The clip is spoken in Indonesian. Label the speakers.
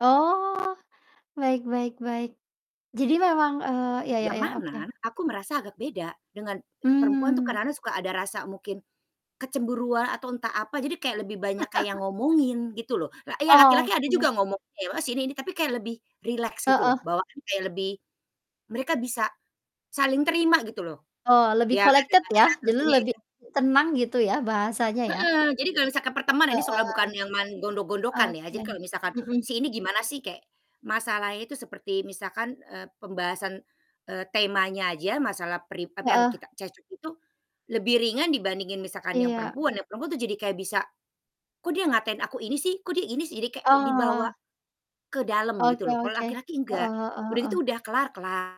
Speaker 1: Oh, baik baik baik. Jadi, memang, eee, ya ya
Speaker 2: Yang
Speaker 1: ya,
Speaker 2: mana
Speaker 1: oke.
Speaker 2: aku merasa agak beda dengan perempuan tuh
Speaker 1: Mmm.
Speaker 2: kadang-kadang suka ada rasa mungkin, kecemburuan atau entah apa jadi kayak lebih banyak kayak ngomongin gitu loh, lah ya
Speaker 1: Oh,
Speaker 2: laki-laki ada
Speaker 1: oke.
Speaker 2: juga ngomong [unintelligible] ini ini, tapi kayak lebih rileks gitu loh,
Speaker 1: Heeh.
Speaker 2: bawaan kayak lebih mereka bisa, saling terima gitu loh,
Speaker 1: Oh, lebih
Speaker 2: ya ada
Speaker 1: collected ya,
Speaker 2: batasan
Speaker 1: jadi
Speaker 2: tentunya,
Speaker 1: lebih
Speaker 2: ya.
Speaker 1: tenang gitu, ya, bahasanya, ya?
Speaker 2: Mhm, jadi kalau misalkan perteman ini soal
Speaker 1: Heeh,
Speaker 2: bukan yang main gondok-gondokan, ya,
Speaker 1: oke,
Speaker 2: jadi kalau misalkan,
Speaker 1: mhm.
Speaker 2: si ini gimana sih kayak, masalahnya itu seperti misalkan, eee, pembahasan, eee, temanya aja masalah peri tapi, yang
Speaker 1: Heeh.
Speaker 2: kita cek-cok itu, lebih ringan dibandingin misalkan yang
Speaker 1: Iya.
Speaker 2: perempuan, yang perempuan tuh jadi kayak bisa, "Kok, dia ngatain aku ini, sih! Kok, dia ini, sih!" Jadi, kayak dibawa,
Speaker 1: Oh.
Speaker 2: ke dalam
Speaker 1: Oke
Speaker 2: gitu loh. Kalau
Speaker 1: oke,
Speaker 2: laki-laki
Speaker 1: heeh
Speaker 2: enggak.
Speaker 1: heeh
Speaker 2: Udah
Speaker 1: heeh.
Speaker 2: gitu, udah, kelar kela